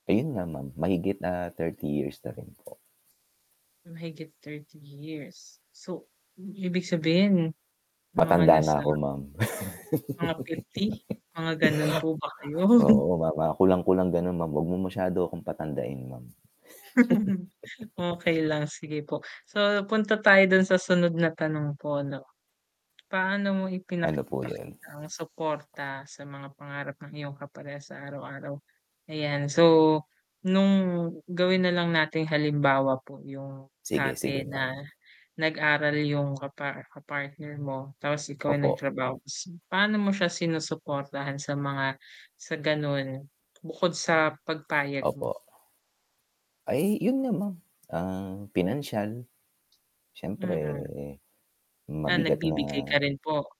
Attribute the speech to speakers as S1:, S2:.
S1: Ayun nga ma'am, mahigit ah, 30 years na rin po.
S2: Mahigit 30 years. So, ibig sabihin, yung mga
S1: Matanda na
S2: nasa
S1: ako ma'am.
S2: mga 50? Mga ganun po ba kayo?
S1: Oo, ma kulang-kulang ganun ma'am, wag mo masyado akong patandain ma'am.
S2: Okey lang, sige po. So, punta tayo dun sa sunod na tanong po 'no. Paano mo
S1: Ano po yun?
S2: ipinapakita ang suporta sa mga pangarap ng iyong kaparehas sa araw-araw? Ayan. So, nung gawin na lang nating halimbawa po yung
S1: Sige, sige,
S2: dati na
S1: ma'am.
S2: nag-aral yung kapa kapartner mo tapos ikaw ay
S1: Opo.
S2: nagtrabaho ka s paano mo siya sinusuportahan sa mga sa gano'n bukod sa pagpayag
S1: Opo.
S2: mo?
S1: Ay yun nga ma'am, um, pinansyal. Siyempre,
S2: Mm.
S1: eh,
S2: Ah,
S1: mabigat
S2: nagbibigay ka
S1: na
S2: rin po?